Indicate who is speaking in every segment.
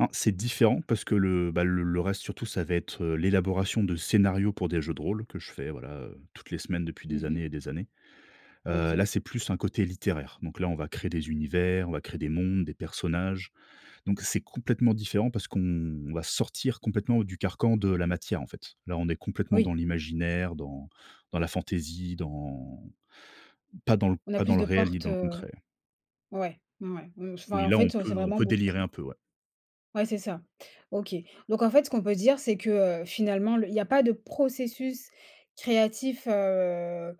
Speaker 1: En c'est différent parce que le, bah, l le reste surtout, ça va être, heu, l'élaboration de scénarios pour des jeux de rôle que je fais voilà, heu, toutes les semaines depuis
Speaker 2: Mmh
Speaker 1: des années
Speaker 2: mh.
Speaker 1: et des années. Heu là,
Speaker 2: OK.
Speaker 1: c'est plus un côté littéraire. Donc là, on va créer des univers, on va créer des mondes, des personnages. Donc c'est complètement différent parce qu'on va sortir complètement du carcan de la matière, en fait. Là, on est complètement dans
Speaker 2: Oui.
Speaker 1: l'imaginaire, dans dans la fantaisie, dans pas dans l
Speaker 2: On a
Speaker 1: pas dans
Speaker 2: plus
Speaker 1: le
Speaker 2: de
Speaker 1: réel, ni
Speaker 2: portes,
Speaker 1: dans le
Speaker 2: heu,
Speaker 1: concret.
Speaker 2: ouais, mmh, ouais mmh, enfin
Speaker 1: Oui,
Speaker 2: en
Speaker 1: là, on
Speaker 2: fait, heu, c'est
Speaker 1: peut on
Speaker 2: vraiment
Speaker 1: peut
Speaker 2: beaucoup
Speaker 1: délirer
Speaker 2: plus
Speaker 1: un peu ouais.
Speaker 2: Ouais, c'est ça. OK. Donc en fait, ce qu'on peut dire, c'est que, heu, finalement, le il y a pas de processus créatif, heu,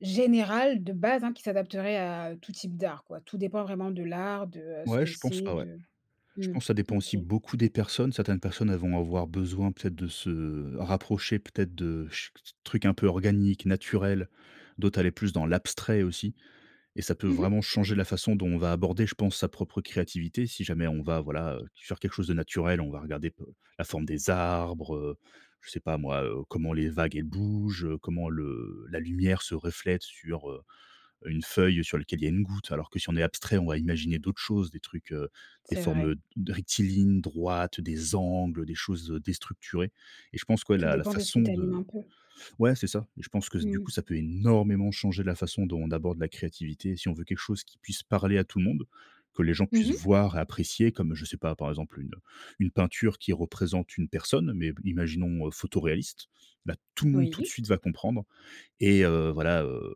Speaker 2: général de base hein, qui s'adapterait à tout type d'art quoi. Tout dépend vraiment de l'art, de ce
Speaker 1: Ouais,
Speaker 2: que
Speaker 1: je pense
Speaker 2: c'est,
Speaker 1: pas, ouais.
Speaker 2: de
Speaker 1: Je
Speaker 2: mmh,
Speaker 1: pense ça dépend
Speaker 2: OK.
Speaker 1: aussi beaucoup des personnes. Certaines personnes, elles vont avoir besoin, peut-être, de se rapprocher, peut-être, de ch trucs un peu organiques, naturels. D'autres, aller plus dans l'abstrait, aussi et ça peut
Speaker 2: Mmh mh.
Speaker 1: vraiment changer la façon dont on va aborder, je pense, sa propre créativité. Si jamais on va voilà, heu, sur quelque chose de naturel, on va regarder pe la forme des arbres, heu, je sais pas moi, heu, comment les vagues elles bougent, comment le la lumière se reflète sur, heu heu une feuille sur lequel il y a une goutte, alors que si on est abstrait, on va imaginer d'autres choses, des trucs, heu, des
Speaker 2: C'est
Speaker 1: formes,
Speaker 2: vrai.
Speaker 1: heu, rectilignes droites, des angles, des choses, heu, déstructurées. Et je pense que
Speaker 2: Tout
Speaker 1: la la
Speaker 2: dépend de ce qui
Speaker 1: façon
Speaker 2: t'anime
Speaker 1: de
Speaker 2: un peu.
Speaker 1: ouais, c'est ça et je pense s que du coup,
Speaker 2: Mmh.
Speaker 1: ça peut énormément changer la façon dont on aborde la créativité. Si on veut quelque chose qui puisse parler à tout le monde, que les gens
Speaker 2: Mmh
Speaker 1: puissent
Speaker 2: mh.
Speaker 1: voir et apprécier comme je sais pas, par exemple une, heu, une peinture qui représente une personne. Mais b imaginons, heu, photo réaliste, là, tout le monde, tout de
Speaker 2: Oui.
Speaker 1: suite, va comprendre et heu, voilà, heu,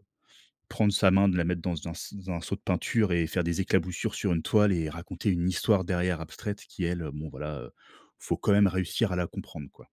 Speaker 1: prendre sa main de la mettre dans un s dans un seau de peinture et faire des éclaboussures sur une toile et raconter une histoire derrière abstraite qui elle, bon, voilà heu, faut quand même réussir à la comprendre, quoi.